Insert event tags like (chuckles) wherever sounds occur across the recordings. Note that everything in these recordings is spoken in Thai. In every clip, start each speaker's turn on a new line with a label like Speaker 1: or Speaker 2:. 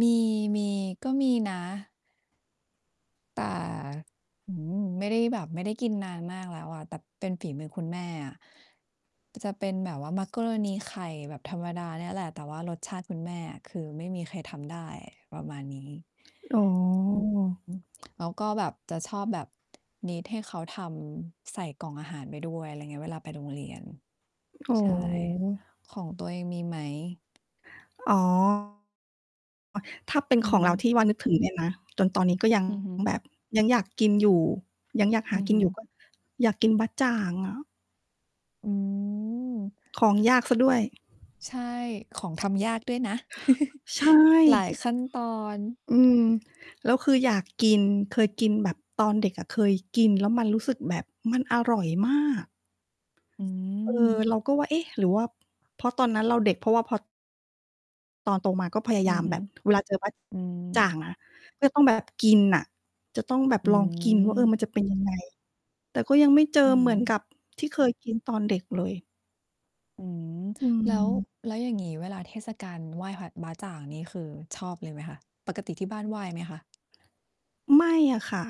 Speaker 1: มี มี ก็มีนะ แต่ อื้อฮือ ไม่ได้แบบ ไม่ได้กินนานมากแล้วอะ แต่เป็นฝีมือคุณแม่อะ จะเป็นแบบว่ามักกะโรนีไข่แบบธรรมดาเนี่ยแหละ แต่ว่ารสชาติคุณแม่อะ คือไม่มีใครทำได้ประมาณนี้
Speaker 2: อ๋อ
Speaker 1: อืม แล้วก็แบบจะชอบแบบ need ให้เขาทำใส่กล่องอาหารไปด้วย อะไรอย่างเงี้ย เวลาไปโรงเรียน
Speaker 2: อ๋อ
Speaker 1: ใช่ ของตัวเองมีไหม?
Speaker 2: อ๋อ ถ้าเป็น
Speaker 1: อื
Speaker 2: ของเรา
Speaker 1: ม
Speaker 2: ที่ว่านึกถึงเนี่ยนะ จนตอนนี้ก็ ยัง
Speaker 1: อือฮึ
Speaker 2: แบบยังอยากกินอยู่ ยังอยากห
Speaker 1: อ
Speaker 2: า
Speaker 1: ือ
Speaker 2: กิ
Speaker 1: ฮ
Speaker 2: น
Speaker 1: ึ
Speaker 2: อยู่ ก็ อยากกินบ๊ะจ่างอะ
Speaker 1: อืม
Speaker 2: ของยากเสียด้วย
Speaker 1: ใช่ ของทำยากด้วยนะ (chuckles)
Speaker 2: ใช
Speaker 1: หลาย
Speaker 2: ่
Speaker 1: ขั้นตอน
Speaker 2: อืม แล้วคืออยากกิน เคยกินแบบ ตอนเด็กอะเคยกินแล้วมันรู้สึกแบบมันอร่อยมาก
Speaker 1: อื
Speaker 2: เออ
Speaker 1: ม
Speaker 2: เราก็ว่า เอ๊ะ หรือว่าเพราะตอนนั้นเราเด็ก เพราะว่าพอ ตอนโตมาก็พยา
Speaker 1: อ
Speaker 2: ย
Speaker 1: ื
Speaker 2: า
Speaker 1: อ
Speaker 2: ม
Speaker 1: ฮ
Speaker 2: แ
Speaker 1: ึ
Speaker 2: บบเวลาเจอบ๊ะ
Speaker 1: อื
Speaker 2: จ่า
Speaker 1: ม
Speaker 2: งอะ ก็จะต้อง แบบ กินอะ จะต้องแบบ
Speaker 1: อื
Speaker 2: ลองกินว่า เออ
Speaker 1: ม
Speaker 2: มันจะเป็นยังไง? แต่ก็ยังไม่เจ
Speaker 1: อื
Speaker 2: อเหมือน
Speaker 1: ม
Speaker 2: กับที่เคยกินตอนเด็กเลย
Speaker 1: อืม
Speaker 2: อื
Speaker 1: แล้ว
Speaker 2: ม
Speaker 1: แล้วอย่างงี้เวลาเทศกาลไหว้ผัด บ๊ะจ่างนี่คือชอบเลยไหมคะ ปกติที่บ้านไหว้ไหมคะ?
Speaker 2: ไม่อะค่ะ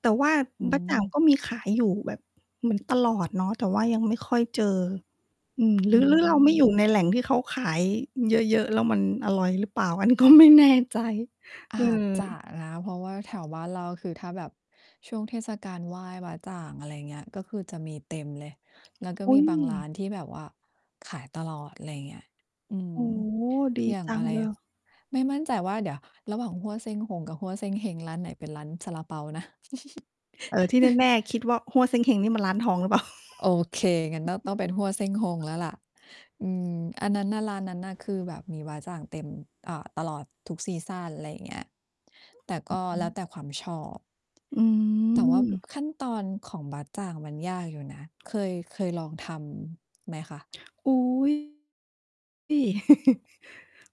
Speaker 2: แต่ว่า
Speaker 1: อื
Speaker 2: บ๊ะจ่าง
Speaker 1: ม
Speaker 2: ก็มีขายอยู่แบบเหมือนตลอดเนาะ แต่ว่ายังไม่ค่อยเจอ อืม ห
Speaker 1: อ
Speaker 2: รื
Speaker 1: ื
Speaker 2: อ หรือเราไม่อ
Speaker 1: ม
Speaker 2: ยู่ในแหล่งที่เขาขายเยอะ ๆ แล้วมันอร่อยหรือเปล่า อันนี้ก็ไม่แน่ใจ
Speaker 1: อ
Speaker 2: เออ
Speaker 1: าจจะนะ เพราะว่า แถวบ้านเรา ก็คือถ้าแบบช่วงเทศกาลไหว้บ๊ะจ่าง อะไรอย่างเงี้ย ก็คือจะมีเต็มเลย แล้วก็
Speaker 2: อุ
Speaker 1: ม
Speaker 2: ๊
Speaker 1: ีบางร้
Speaker 2: ย
Speaker 1: านที่แบบว่าขายตลอด อะไรอย่างเงี้ย อืม
Speaker 2: โอ้ ดี
Speaker 1: อย่าง
Speaker 2: จั
Speaker 1: อ
Speaker 2: ง
Speaker 1: ะไร
Speaker 2: เล
Speaker 1: อะ
Speaker 2: ย
Speaker 1: ไม่มั่นใจว่าเดี๋ยวระหว่างฮั่วเซ่งฮงกับฮั่วเซงเฮง ร้านไหนเป็นร้านซาลาเปานะ
Speaker 2: เออ ที่
Speaker 1: (chuckles)
Speaker 2: แน่ ๆ คิดว่าฮั่วเซ่งเฮงนี่มันร้านทองหรือเปล่า?
Speaker 1: โอเค งั้นต้อง ต้องเป็นฮั่วเซ่งฮ
Speaker 2: (chuckles)
Speaker 1: งแล้วล่ะ อืม อันนั้นน่ะ ร้านนั้นน่ะ คือแบบมีบ๊ะจ่างเต็ม อ่า ตลอดทุกซีซัน อะไรอย่างเงี้ย แต่ก็
Speaker 2: อื
Speaker 1: แล้ว
Speaker 2: อ
Speaker 1: แต่ความชอบ
Speaker 2: อื
Speaker 1: แต่ว่า บ
Speaker 2: ม
Speaker 1: ขั้นตอนของบ๊ะจ่างมันยากอยู่นะ เคย เคยลองทำไหมคะ?
Speaker 2: อุ๊ย ที่ (chuckles)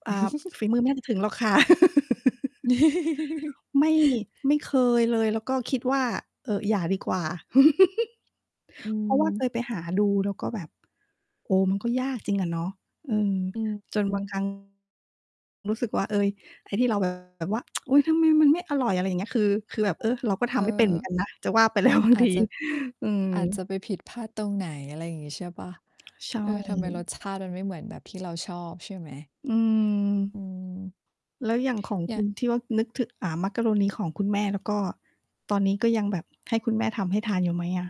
Speaker 2: อา
Speaker 1: (chuckles)
Speaker 2: ฝีมือไม่น่าจะถึงหรอกค่ะ (laughs)
Speaker 1: (chuckles)
Speaker 2: ไม่ ไม่เคยเลย แล้วก็คิดว่า เออ อย่าดีกว่า (chuckles)
Speaker 1: อื
Speaker 2: เพราะว่าเค
Speaker 1: ม
Speaker 2: ยไปหาดู แล้วก็แบบ โอ้ มันก็ยากจริงอะเนาะ อืม
Speaker 1: อืม
Speaker 2: จน
Speaker 1: อื
Speaker 2: บาง
Speaker 1: อ
Speaker 2: ครั้ง รู้สึกว่า เฮ้ย ไอ้ที่เรา แบบ ว่า (tsk) อุ๊ย ทำไมมันไม่อร่อย อะไรอย่างเงี้ย คือ คือแบบ เออ เราก็ท
Speaker 1: เอ
Speaker 2: ำไม่เป็นเหม
Speaker 1: อ
Speaker 2: ือนกันนะ จะว่าไป แล้วบาง
Speaker 1: อา
Speaker 2: ท
Speaker 1: จ
Speaker 2: ี
Speaker 1: จะ
Speaker 2: อื
Speaker 1: อาจจ
Speaker 2: ม
Speaker 1: ะไปผิดพลาดตรงไหน อะไรอย่างงี้ใช่เปล่า?
Speaker 2: ใช่
Speaker 1: เออ ทำไมรสชาติมันไม่เหมือนแบบที่เราชอบใช่ไหม?
Speaker 2: อื
Speaker 1: อ
Speaker 2: ม
Speaker 1: ืม
Speaker 2: แล้วอย่างของ
Speaker 1: อย
Speaker 2: ค
Speaker 1: ่า
Speaker 2: ุณ
Speaker 1: ง
Speaker 2: ที่ว่านึกถึ อ่า มักกะโรนีของคุณแม่ แล้วก็ตอนนี้ก็ยังแบบให้คุณแม่ทำให้ทานอยู่ไหมอะ?